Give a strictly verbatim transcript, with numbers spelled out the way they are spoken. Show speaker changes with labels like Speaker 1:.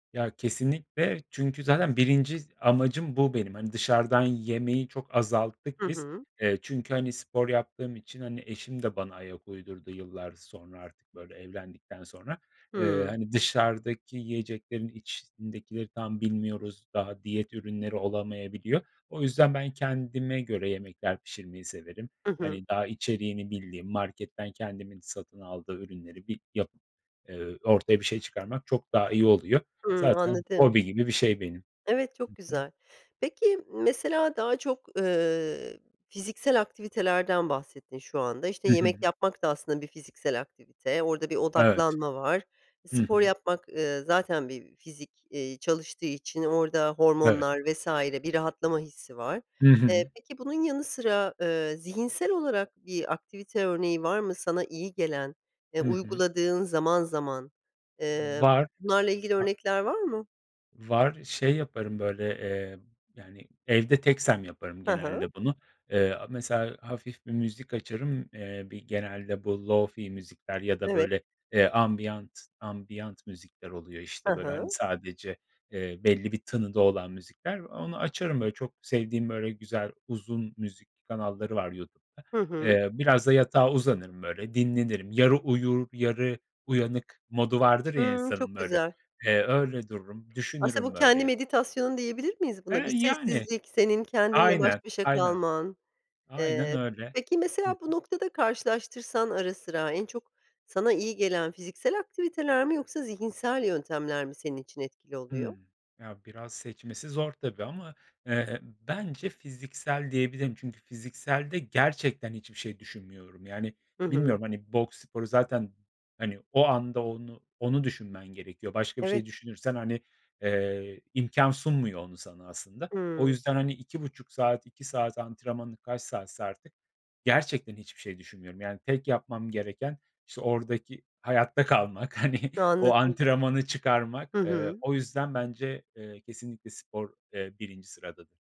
Speaker 1: Ya kesinlikle, çünkü zaten birinci amacım bu benim. Hani, dışarıdan yemeyi çok azalttık
Speaker 2: Hı
Speaker 1: biz.
Speaker 2: hı.
Speaker 1: Eee, çünkü, hani, spor yaptığım için, hani, eşim de bana ayak uydurdu yıllar sonra artık böyle evlendikten sonra. Eee,
Speaker 2: Hımm.
Speaker 1: hani, dışarıdaki yiyeceklerin içindekileri tam bilmiyoruz. Daha diyet ürünleri olamayabiliyor. O yüzden, ben kendime göre yemekler pişirmeyi severim.
Speaker 2: Hı hı.
Speaker 1: Hani, daha içeriğini bildiğim, marketten kendimin satın aldığı ürünleri bir yapıp, eee, ortaya bir şey çıkarmak çok daha iyi oluyor.
Speaker 2: Hımm,
Speaker 1: Zaten
Speaker 2: anladım.
Speaker 1: hobi gibi bir şey benim.
Speaker 2: Evet, çok
Speaker 1: Hı hı.
Speaker 2: güzel. Peki, mesela daha çok, ııı, fiziksel aktivitelerden bahsettin şu anda. İşte,
Speaker 1: Hı hı.
Speaker 2: yemek yapmak da aslında bir fiziksel aktivite. Orada bir
Speaker 1: Evet.
Speaker 2: odaklanma var.
Speaker 1: Hı
Speaker 2: Spor
Speaker 1: hı.
Speaker 2: yapmak, ııı, zaten bir fizik, eee, çalıştığı için orada
Speaker 1: Evet.
Speaker 2: hormonlar vs. bir rahatlama hissi var.
Speaker 1: Hı
Speaker 2: Eee,
Speaker 1: hı.
Speaker 2: peki bunun yanı sıra, ııı, zihinsel olarak bir aktivite örneği var mı sana iyi gelen, eee,
Speaker 1: Hı hı.
Speaker 2: uyguladığın zaman zaman?
Speaker 1: V
Speaker 2: Eee,
Speaker 1: var,
Speaker 2: bunlarla ilgili
Speaker 1: a
Speaker 2: örnekler var mı?
Speaker 1: Var, şey yaparım böyle, eee yani evde teksem yaparım
Speaker 2: Hı hı.
Speaker 1: genelde bunu. Eee, aaa mesela hafif bir müzik açarım, eee, bir genelde bu lo-fi müzikler ya da
Speaker 2: Evet.
Speaker 1: böyle, eee, ambiyant, ambiyant müzikler oluyor
Speaker 2: Hı
Speaker 1: işte böyle, hani,
Speaker 2: hı.
Speaker 1: sadece, eee, belli bir tınıda olan müzikler. Onu açarım böyle çok sevdiğim, böyle güzel, uzun müzik kanalları var YouTube'da.
Speaker 2: Hı hı.
Speaker 1: Eee, biraz da yatağa uzanırım böyle, dinlenirim. Yarı uyur, yarı uyanık modu vardır ya
Speaker 2: Hımm,
Speaker 1: insanın
Speaker 2: çok
Speaker 1: böyle.
Speaker 2: güzel.
Speaker 1: Eee, öyle dururum,
Speaker 2: Aslında bu
Speaker 1: düşünürüm
Speaker 2: kendi
Speaker 1: böyle.
Speaker 2: meditasyonun diyebilir miyiz buna?
Speaker 1: Eee,
Speaker 2: Bir
Speaker 1: yani.
Speaker 2: sessizlik, senin kendinle baş
Speaker 1: Aynen,
Speaker 2: başa
Speaker 1: aynen.
Speaker 2: kalman...
Speaker 1: Aynen
Speaker 2: Eee,
Speaker 1: öyle.
Speaker 2: peki
Speaker 1: Hı hı.
Speaker 2: mesela bu noktada karşılaştırsan ara sıra, en çok sana iyi gelen fiziksel aktiviteler mi yoksa zihinsel yöntemler mi senin için etkili oluyor?
Speaker 1: Hımm. Ya, biraz seçmesi zor tabii ama, eee, bence fiziksel diyebilirim. Çünkü fizikselde gerçekten hiçbir şey düşünmüyorum. Yani
Speaker 2: Hı hı.
Speaker 1: bilmiyorum, hani, boks sporu zaten, hani, o anda onu onu düşünmen gerekiyor. Başka bir
Speaker 2: Evet.
Speaker 1: şey düşünürsen, hani, eee, imkân sunmuyor onu sana aslında. O
Speaker 2: Hımm.
Speaker 1: yüzden hani iki buçuk saat, iki saat antrenmanı, kaç saatse artık gerçekten hiçbir şey düşünmüyorum. Yani, tek yapmam gereken işte oradaki hayatta kalmak, hani o
Speaker 2: Anladım.
Speaker 1: antrenmanı çıkarmak.
Speaker 2: Hı
Speaker 1: Eee,
Speaker 2: hı.
Speaker 1: o yüzden bence, eee, kesinlikle spor, eee, birinci sıradadır.